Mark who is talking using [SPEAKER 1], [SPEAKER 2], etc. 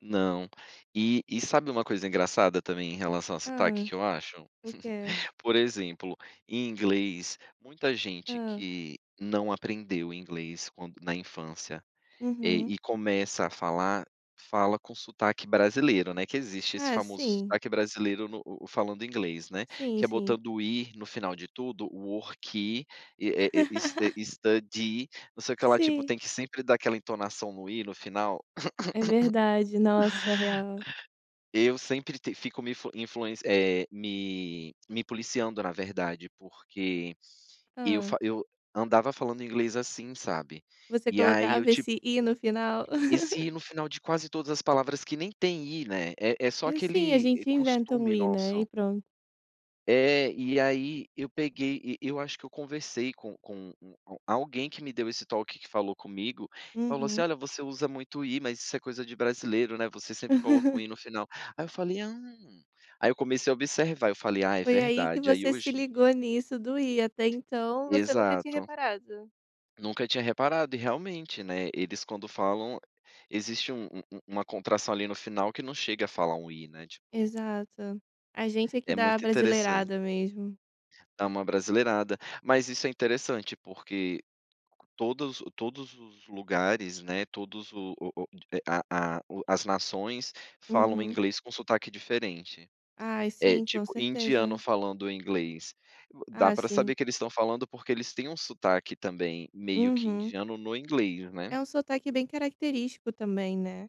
[SPEAKER 1] Não. E e sabe uma coisa engraçada também, em relação a sotaque,
[SPEAKER 2] Hã.
[SPEAKER 1] que eu acho?
[SPEAKER 2] O quê?
[SPEAKER 1] Por exemplo, em inglês, muita gente
[SPEAKER 2] Hã.
[SPEAKER 1] que não aprendeu inglês quando na infância, eh,
[SPEAKER 2] Uhum.
[SPEAKER 1] e começa a falar, fala com sotaque brasileiro, né, que existe esse
[SPEAKER 2] É,
[SPEAKER 1] famoso
[SPEAKER 2] sim.
[SPEAKER 1] sotaque brasileiro no o o falando inglês, né,
[SPEAKER 2] Sim,
[SPEAKER 1] que é
[SPEAKER 2] sim.
[SPEAKER 1] botando o i no final de tudo, "worki", e, eh eh, s eh, "studi", não sei o que lá, tipo,
[SPEAKER 2] Sim.
[SPEAKER 1] tem que sempre dar aquela entonação no i no final.
[SPEAKER 2] É verdade, nossa, real.
[SPEAKER 1] Eu sempre te fico me influ influen eh, me me policiando, na verdade, porque eu
[SPEAKER 2] Hã.
[SPEAKER 1] fa eu andava falando inglês assim, sabe,
[SPEAKER 2] Você
[SPEAKER 1] e aí eu
[SPEAKER 2] colocava esse
[SPEAKER 1] tipo
[SPEAKER 2] i no final?
[SPEAKER 1] Esse i no final de quase todas as palavras, que nem tem i, né, é é só
[SPEAKER 2] É sim, a
[SPEAKER 1] aquele, eh,
[SPEAKER 2] gente inventa um
[SPEAKER 1] costume
[SPEAKER 2] i, né, e
[SPEAKER 1] nosso.
[SPEAKER 2] pronto.
[SPEAKER 1] É, e aí eu peguei, e eu acho que eu conversei com com u um alguém que me deu esse toque, que falou comigo, falou assim:
[SPEAKER 2] Uhum.
[SPEAKER 1] "Olha, você usa muito o i, mas isso é coisa de brasileiro, né, você sempre coloca o i no final". Aí eu falei: "Hum", aí eu comecei a observar, eu falei: "Ah, é
[SPEAKER 2] Foi aí que
[SPEAKER 1] verdade", aí
[SPEAKER 2] você se
[SPEAKER 1] hoje em
[SPEAKER 2] ligou
[SPEAKER 1] dia
[SPEAKER 2] nisso do i, até então você nunca tinha
[SPEAKER 1] Exato.
[SPEAKER 2] reparado.
[SPEAKER 1] Nunca tinha reparado, e realmente, né, eles quando falam, existe um um um uma contração, ali, no final, que não chega a falar um i, né, tipo.
[SPEAKER 2] Exato. A gente é que
[SPEAKER 1] É
[SPEAKER 2] dá a
[SPEAKER 1] muito interessante.
[SPEAKER 2] abrasileirada mesmo.
[SPEAKER 1] Dá uma abrasileirada. Mas isso é interessante, porque todos o todos os lugares, né, todos o o a a o as nações falam
[SPEAKER 2] Uhum.
[SPEAKER 1] inglês com sotaque diferente.
[SPEAKER 2] Ai,
[SPEAKER 1] Eh,
[SPEAKER 2] sim, com
[SPEAKER 1] tipo, indiano
[SPEAKER 2] certeza.
[SPEAKER 1] falando inglês, dá
[SPEAKER 2] Ah,
[SPEAKER 1] pra saber
[SPEAKER 2] sim.
[SPEAKER 1] que eles estão falando, porque eles têm um sotaque também, meio que
[SPEAKER 2] Uhum.
[SPEAKER 1] indiano, no inglês,
[SPEAKER 2] É
[SPEAKER 1] né.
[SPEAKER 2] um sotaque bem característico também, né.